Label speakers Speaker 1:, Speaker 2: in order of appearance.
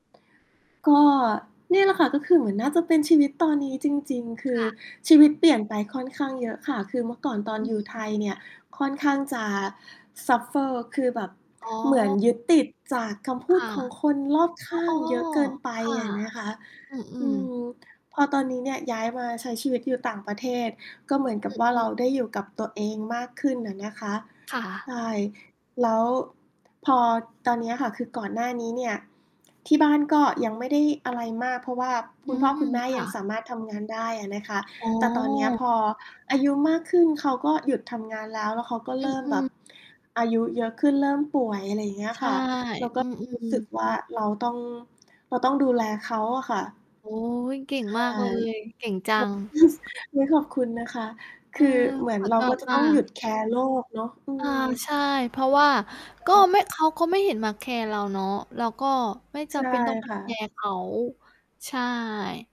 Speaker 1: ก็นี่แหละค่ะ ก็คือเหมือนน่าจะเป็นชีวิตตอนนี้จริง ๆ ค
Speaker 2: ค
Speaker 1: ือ
Speaker 2: ่ะ
Speaker 1: ชีวิตเปลี่ยนไปค่อนข้างเยอะค่ะ คือเมื่อก่อนตอ
Speaker 2: อ
Speaker 1: น
Speaker 2: ื
Speaker 1: อยู่ไท
Speaker 2: ม
Speaker 1: ยเนี่ย ค่อนข้างจะ suffer คือแบบ
Speaker 2: อ๋
Speaker 1: เหมือน
Speaker 2: อ
Speaker 1: ยึดติดจากคำพ
Speaker 2: ค
Speaker 1: ูด
Speaker 2: ่ะ
Speaker 1: ของคนรอบข
Speaker 2: อ
Speaker 1: ้า
Speaker 2: อ้
Speaker 1: ง
Speaker 2: อ
Speaker 1: เยอะเกินไป
Speaker 2: ค่ะ
Speaker 1: อะนะคะ
Speaker 2: อื
Speaker 1: อื
Speaker 2: อ ๆ
Speaker 1: ม พอตอนนี้เนี่ยย้ายมาใช้ชีวิตอยู่ต่างประเทศ ก็เหมือนกั
Speaker 2: อ
Speaker 1: บว่า
Speaker 2: ื
Speaker 1: เร
Speaker 2: อ
Speaker 1: า
Speaker 2: ๆ
Speaker 1: ได้อยู่กับตัวเองมากขึ้นอะนะคะ
Speaker 2: ค่
Speaker 1: ใ
Speaker 2: ะ
Speaker 1: ช่ แล้วพอตอนเนี้ยค่ะ คือก่อนหน้านี้เนี่ย ที่บ้านก็ยังไม่ได้อะไรมาก เพราะว่าค
Speaker 2: อื
Speaker 1: ุณพ่อ
Speaker 2: ม
Speaker 1: คุณแม่
Speaker 2: ค
Speaker 1: ย
Speaker 2: ่
Speaker 1: ั
Speaker 2: ะ
Speaker 1: งสามารถทำงานได้อะนะคะ
Speaker 2: อ๋
Speaker 1: แต่ตอนเนี้ย
Speaker 2: อ
Speaker 1: พออายุมากขึ้น เขาก็หยุดทำงานแล้ว แล้วเขาก็
Speaker 2: อ
Speaker 1: เริ่ม
Speaker 2: ื
Speaker 1: แบ
Speaker 2: ม
Speaker 1: บ
Speaker 2: ๆ
Speaker 1: อายุเยอะขึ้นเริ่มป่วย อะไรอย่างเงี้ย
Speaker 2: ใช
Speaker 1: ค
Speaker 2: ่
Speaker 1: ่ะ เรา ก
Speaker 2: อ
Speaker 1: ็
Speaker 2: ื
Speaker 1: รู้
Speaker 2: อ
Speaker 1: สึก
Speaker 2: ๆ
Speaker 1: ว่า เราต้อง เราต้องดูแลเขาอะค่ะ
Speaker 2: โอ๊ย เก่
Speaker 1: ใ
Speaker 2: ง
Speaker 1: ช่
Speaker 2: มากเลย เก่งจัง
Speaker 1: ฮึ่ด ส อุ๊ย ขอบคุณนะคะ
Speaker 2: เอ
Speaker 1: ค
Speaker 2: อ
Speaker 1: ือเหมือ
Speaker 2: ข
Speaker 1: น
Speaker 2: อ
Speaker 1: เรา
Speaker 2: ตอ
Speaker 1: ก็
Speaker 2: บ
Speaker 1: จะ
Speaker 2: ว
Speaker 1: ต
Speaker 2: ่
Speaker 1: ้
Speaker 2: า
Speaker 1: องหยุดแคร์โลกเนาะ อื
Speaker 2: อา
Speaker 1: ม
Speaker 2: ใช่ เพราะว่า
Speaker 1: ใช
Speaker 2: ก็
Speaker 1: ่
Speaker 2: ไม่ เขาก็ไม่เห็นมาแคร์เราเนาะ เราก็ไม่จ
Speaker 1: ใช
Speaker 2: ำ
Speaker 1: ่
Speaker 2: เป็นต้องไป
Speaker 1: ค่
Speaker 2: แค
Speaker 1: ะ
Speaker 2: ร์เขา ใช่